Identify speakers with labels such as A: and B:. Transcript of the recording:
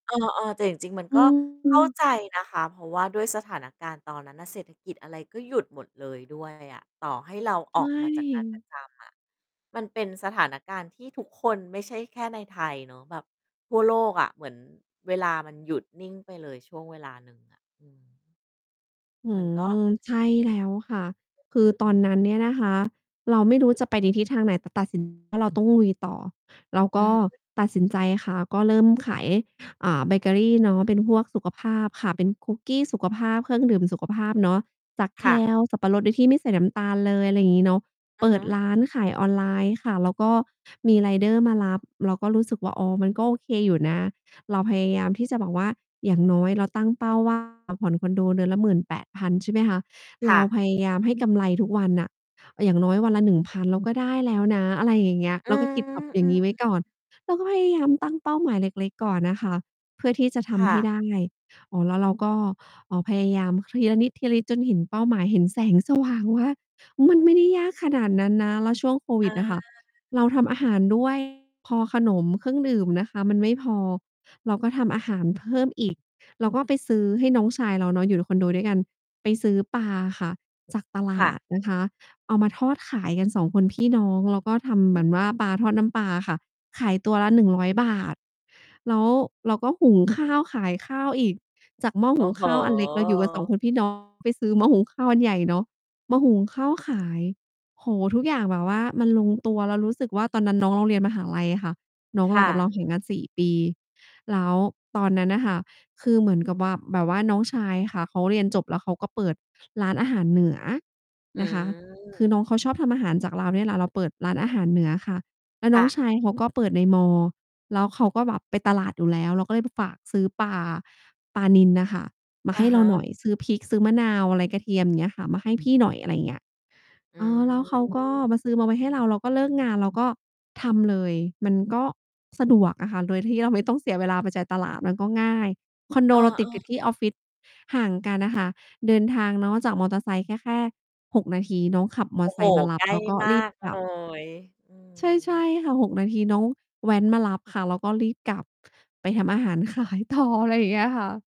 A: เออ ๆ แต่จริง ๆ มัน
B: อ
A: ก
B: ื
A: ็เข้า
B: อ
A: ใจนะคะ เพราะว่าด้วยสถานการณ์ตอนนั้นน่ะ เศรษฐกิจอะไรก็หยุดหมดเลย ด้วย อะ ต่อให้เรา
B: ใ
A: อ
B: ช
A: อกมาจาก งานประ
B: ่
A: จำอะ มันเป็นสถานการณ์ที่ทุกคน ไม่ใช่แค่ในไทย เนาะ แบบทั่วโลกอะ เหมือนเวลามันหยุดนิ่งไปเลยช่วงเวลาหนึ่งอะ อืม
B: อื้
A: มั
B: อ
A: น
B: ฮ
A: ก็
B: ือ ใช่แล้วค่ะ คื
A: อ
B: อต
A: ื
B: อ
A: อ
B: น
A: ๆ
B: นั้นเนี่ยนะคะ เราไม่รู้จะไปในทิศทางไหน แต่ตัด สิน ว่า เราต้องลุยต่อ เรา
A: อ
B: ก
A: ือ
B: ็
A: ฮึ
B: ตัดสินใจค่ะ ก็เริ่มขาย อ่า เบเกอรีเนาะ เป็นพวกสุขภาพค่ะ เป็นคุกกี้สุขภาพ เครื่องดื่มสุขภาพเนาะ จาก
A: ค่ะ
B: kale สับปะรด โดยที่ไม่ใส่น้ำตาลเลย ไรงี้เนาะ
A: อื
B: เป
A: อ
B: ิ
A: ฮ
B: ด
A: ึ
B: ร้านขายออนไลน์ค่ะ แล้วก็มีไรเดอร์มารับ เราก็รู้สึกว่า อ๋อ มันก็โอเคอยู่นะ เราพยายามที่จะแบบว่า อย่างน้อยเราตั้งเป้า ว่า เราผ่อนคอนโดเดือนละ 18,000 ใช่ไหมคะ เ
A: ค
B: ร
A: ่
B: า
A: ะ
B: พยายามให้กำไรทุกวันน่ะ อย่างน้อยวันละ 1,000 เรา ก็ได้แล้วนะ อะไรอย่างเงี้ย
A: อ
B: เ
A: ื
B: ร
A: อ
B: าก็คิดแบบอย่
A: อื
B: างง
A: อ
B: ี้ไว้
A: ๆ
B: ก่อน เราก็พยายามตั้ง เป้าหมายเล็ก ๆ ก่อนน่ะค่ะ เพื่อที่จะท
A: ค่
B: ำให้
A: ะ
B: ได้ อ๋อ แล้วเราก็ เอ่อ พยายามทีละนิด ๆ จนเห็นเป้าหมาย เห็นแสง สว่างว่า มันไม่ได้ ยากขนาดนั้นนะ แล้วช่วงโคว
A: อ
B: ิด
A: า
B: อะค่ะเราทำอาหาร ด้วย พอขนมเครื่องดื่มน่ะค่ะ มันไม่พอ เราก็ทำอาหารเพิ่มอีก เราก็ไปซื้อ ให้น้องชายเราเนาะ อยู่คอนโดด้วยกัน ไปซื้อปลาอะค่ะ จากตล
A: ค
B: า
A: ่
B: ด
A: ะ
B: นะคะ เอามาทอดขายกัน 2 คน พี่น้อง แล้วก็ทำ
A: อ
B: เห
A: ื
B: มือนว
A: ม
B: ่า ปลาทอดน้ำปลาอะค่ะ ขายตัวละ ฿100 แล้วเราก็หุงข้าวขายข้าวอีก จาก หม้อ
A: โอ
B: ห
A: ้
B: ุง
A: โ
B: ข้าวอันเล็ก เราอยู่กับ 2
A: ฮ
B: คนพี่ น้อง ไปซื้อหม้อหุงข้าวอันใหญ่เนาะ มาหุง ข้าวขาย โอ้โฮ ทุกอย่างแบบว่ามันลงตัว แล้วรู้สึกว่า ตอนนั้น น้องเราเรียนมหาลัยอะค่ะ น้อง
A: ค
B: เรา
A: ่
B: กับเรา
A: ะ
B: ห่างกัน 4 ปี แล้วตอนนั้นน่ะค่ะคือเหมือนกับว่า แบบว่าน้องชายค่ะเขาเรียนจบแล้วเขาก็เปิดร้านอาหารเหนือ
A: อื
B: นะคะ คือน
A: ม
B: ้องเขาชอบทำอาหารจากเราเนี่ยแหละ เราเปิดร้านอาหารเหนือค่ะ แล้ว
A: ค
B: น้
A: ่
B: อง
A: ะ
B: ชายเขาก็ เปิดในมอ แล้วเขาก็แบบไปตลาดอยู่แล้ว เราก็ เลยฝากซื้อปลา ปลานิลน่ะค่ะ มา
A: อ
B: ใ
A: ะ
B: ห้
A: ฮ
B: เราหน่
A: ะ
B: อย ซื้อพริก ซื้อมะนาวอะไร กระเทียม อย่างเงี้ยค่ะ มาให้พี่หน่อย อะไร เงี้ย
A: อื
B: เออ แล้วเขา ก็มา
A: ม
B: ซื้อมาไว้ให้เรา เราก็เลิก งานเราก็ทำเลย มันก็สะดวกอะค่ะ โดยที่เราไม่ต้องเสียเวลาไปจ่ายตลาด มันก็ง่าย คอนโด
A: เออ
B: เราต
A: เ
B: ิ
A: อ
B: ดกั
A: อ
B: บที่ออฟฟิศ ห่างกันน่ะ ค่ะ เดินทางเนาะจากมอเตอร์ไซค์ก็แค่ 6 นาที น้องขับ ม
A: โ
B: อ
A: อ้
B: ไ
A: โ
B: ซ
A: ฮ
B: ค์มาร
A: ใ
B: ั
A: ก
B: บ
A: ล้
B: แล้วก็
A: มา
B: รีบ
A: ก
B: กล
A: เล
B: ับ
A: ย อื
B: ใช่ ใช่
A: ม
B: ค่ะ 6 นาที น้องแว้นมารับค่ะ เราก็รีบกลับไปทำอาหาร ขายต่อ อะไรอย่างเงี้ยค่ะ